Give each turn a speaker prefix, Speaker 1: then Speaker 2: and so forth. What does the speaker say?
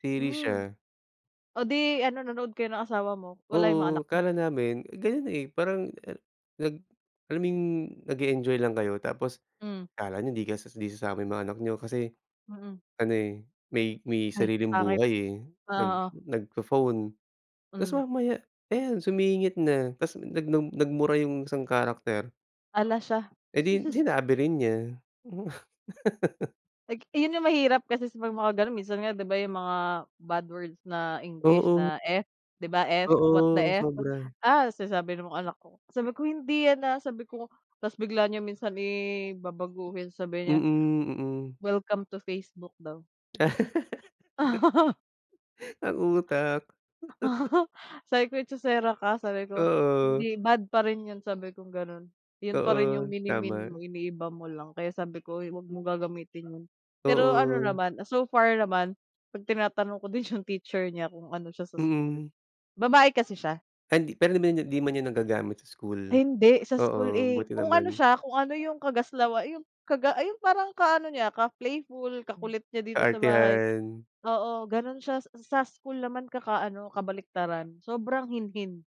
Speaker 1: Series
Speaker 2: Hmm.
Speaker 1: siya.
Speaker 2: Oh, 'di ano nanood kayo ng asawa mo, wala yung mga
Speaker 1: Oo,
Speaker 2: anak niyo?
Speaker 1: akala namin ganyan, eh, parang a nag alam mo yung nag-eenjoy lang kayo tapos
Speaker 2: Hmm.
Speaker 1: akala niyo di kas 'di sasama yung mga anak niyo kasi,
Speaker 2: Mm.
Speaker 1: ano, eh, may may
Speaker 2: Ay,
Speaker 1: sariling
Speaker 2: pangit.
Speaker 1: buhay, eh,
Speaker 2: O
Speaker 1: nag
Speaker 2: oo.
Speaker 1: nagpo-phone tas
Speaker 2: Hmm.
Speaker 1: mamaya, ayan sumingit na tas nag nag nagmura yung isang character.
Speaker 2: Hala siya.
Speaker 1: Eh, 'di 'yon sinabi rin niya. Hmm.
Speaker 2: Ayk iyun yung mahirap kasi 'pag mga gano'n, minsan nga 'di ba yung mga bad words na English
Speaker 1: Oo.
Speaker 2: na F 'di ba 'F, what the
Speaker 1: Oo,
Speaker 2: F?
Speaker 1: sobra.
Speaker 2: Ah, sinasabi ng mga anak ko sabi ko, "Hindi yan, ah." Sabi ko, tapos bigla niya minsan i babaguhin, sabi niya,
Speaker 1: Mm, mm.
Speaker 2: "Welcome to Facebook daw."
Speaker 1: Ang utak.
Speaker 2: Sabi ko, "Echosera ka." Sabi ko
Speaker 1: Oo.
Speaker 2: hindi bad pa rin 'yon sabi kong gano'n. 'Yun pa rin yung
Speaker 1: Oo,
Speaker 2: minimean mo
Speaker 1: tama.
Speaker 2: iniiba mo lang, kaya sabi ko, "Oy, 'wag mong gagamitin 'yun." Pero ano
Speaker 1: Oo.
Speaker 2: naman so far naman 'pag tinatanong ko din yung teacher niya kung ano siya sa school,
Speaker 1: Mm.
Speaker 2: babae kasi siya.
Speaker 1: Ay, 'di pero na niya di man niya nagagamit sa school?
Speaker 2: Hindi, sa school,
Speaker 1: Oo,
Speaker 2: eh,
Speaker 1: buti
Speaker 2: kung ano
Speaker 1: naman.
Speaker 2: siya kung ano yung kagaslawa 'yung kaga yung parang ka-ano niya ka playful,
Speaker 1: Hmm,
Speaker 2: kakulit niya dito sa bahay,
Speaker 1: kaartehan.
Speaker 2: oo, ganon siya sa school naman kaka-ano kabaliktaran sobrang hinhin.